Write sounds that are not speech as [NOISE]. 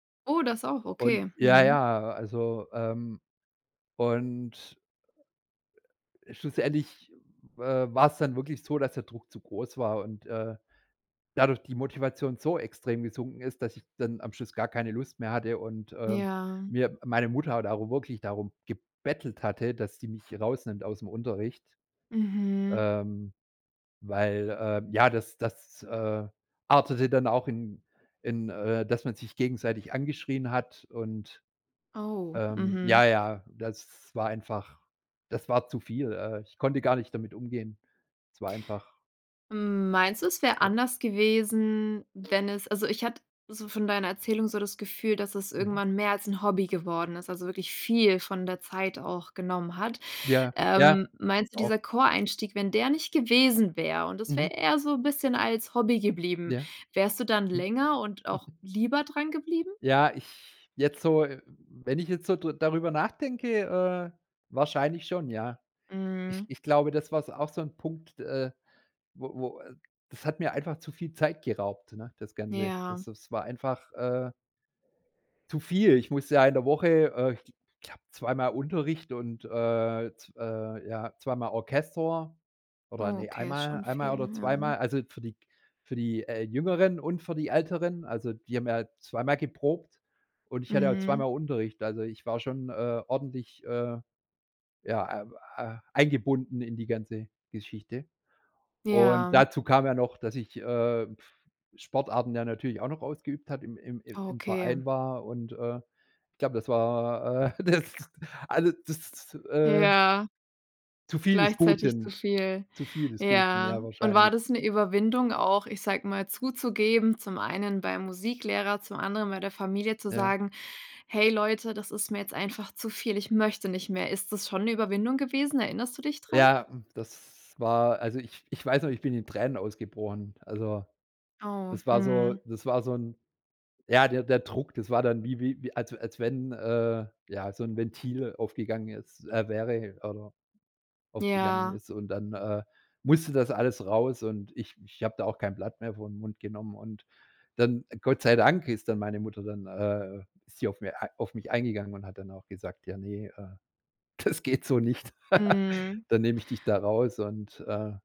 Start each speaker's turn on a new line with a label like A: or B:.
A: Oh, das auch,
B: U und
A: okay.
B: ja
A: Mhm.
B: ja, also, ähm, und schlussendlich, äh, war's dann wirklich so, dass der Druck zu groß war und, äh, dadurch die Motivation so extrem gesunken ist, dass ich dann am Schluss gar keine Lust mehr hatte und, äh,
A: Ja.
B: mir meine Mutter hat aber wirklich darum gebettelt hatte, dass die mich rausnimmt ausm Unterricht.
A: Mhm.
B: Ähm, weil, ähm, ja, das das, äh, artete dann auch in in, äh dass man sich gegenseitig angeschrien hat und,
A: Oh,
B: ähm
A: mhm.
B: ja ja, das war einfach das war zu viel. Äh, ich konnte gar nicht damit umgehen. Es war einfach
A: Hm, meinst du, es wär
B: Ja.
A: anders gewesen, wenn es also, ich hatte so von deiner Erzählung so das Gefühl, dass es
B: Mhm.
A: irgendwann mehr als 'n Hobby geworden ist, also wirklich viel von der Zeit auch genommen hat.
B: Ja. Ja,
A: Ähm, meinst
B: das
A: du,
B: auch.
A: dieser Choreinstieg, wenn der nicht gewesen wäre und das wäre
B: Mhm.
A: eher so 'n bisschen als Hobby geblieben,
B: Ja.
A: wärst du dann
B: Mhm.
A: länger und auch
B: [CHUCKLES]
A: lieber drangeblieben?
B: Ja, ich jetzt so wenn ich jetzt so drü darüber nachdenke, äh, wahrscheinlich schon, ja. Ich
A: Mhm.
B: ich glaube, das war s auch so 'n Punkt, äh, wo wo, äh das hat mir einfach zu viel Zeit geraubt, ne, das Ganze.
A: Ja.
B: Das das war einfach, äh zu viel. Ich musste ja in der Woche, äh, ich glaube 2 Mal Unterricht und äh, z äh, ja 2 Mal Orchester oder ne, 1
A: Okay, ist
B: Mal
A: schon
B: 1
A: viel,
B: Mal oder 2
A: ja.
B: Mal Also, für die g für die, äh, Jüngeren und für die Älteren also, die haben ja 2 Mal geprobt und ich hatte auch 2
A: Mhm.
B: Mal Unterricht. Also, ich war schon, äh, ordentlich, äh, ja, äh äh, eingebunden in die ganze Geschichte. Und
A: Ja.
B: dazu kam ja noch, dass ich, äh, puh, Sportarten ja natürlich auch noch ausgeübt habe, im im im
A: Ah,
B: im
A: okay.
B: Verein war. Und äh, ich glaube, das war, äh, das also das, äh
A: Ja.
B: zu viel des
A: Gleichzeitig zu
B: Guten,
A: viel.
B: zu viel des Guten, ja,
A: Ja. Und war
B: wahrscheinlich.
A: das 'ne Überwindung auch, ich sage mal, zuzugeben, zum einen beim Musiklehrer, zum anderen bei der Familie zu
B: Ja.
A: sagen: „Hey Leute, das ist mir jetzt einfach zu viel, ich möchte nicht mehr.“ Ist das schon 'ne Überwindung gewesen? Erinnerst du dich dran?
B: Ja, das war also, ich ich weiß noch, ich bin in Tränen ausgebrochen. Also,
A: Oh,
B: das war so
A: mhm.
B: das war so 'n ja, der der Druck, das war dann wie wie als w als wenn, äh, ja so 'n Ventil aufgegangen ist äh, wäre oder aufgegangen
A: Ja.
B: ist und dann, äh, musste das alles raus und ich ich habe da auch kein Blatt mehr vor 'n Mund genommen und dann, Gott sei Dank, ist dann meine Mutter dann, äh ist sie auf mir auf mich eingegangen und hat dann auch gesagt: „Ja, ne, äh, das geht so nicht. [LAUGHS]
A: Mhm.
B: Dann nehme ich dich da raus“ und äh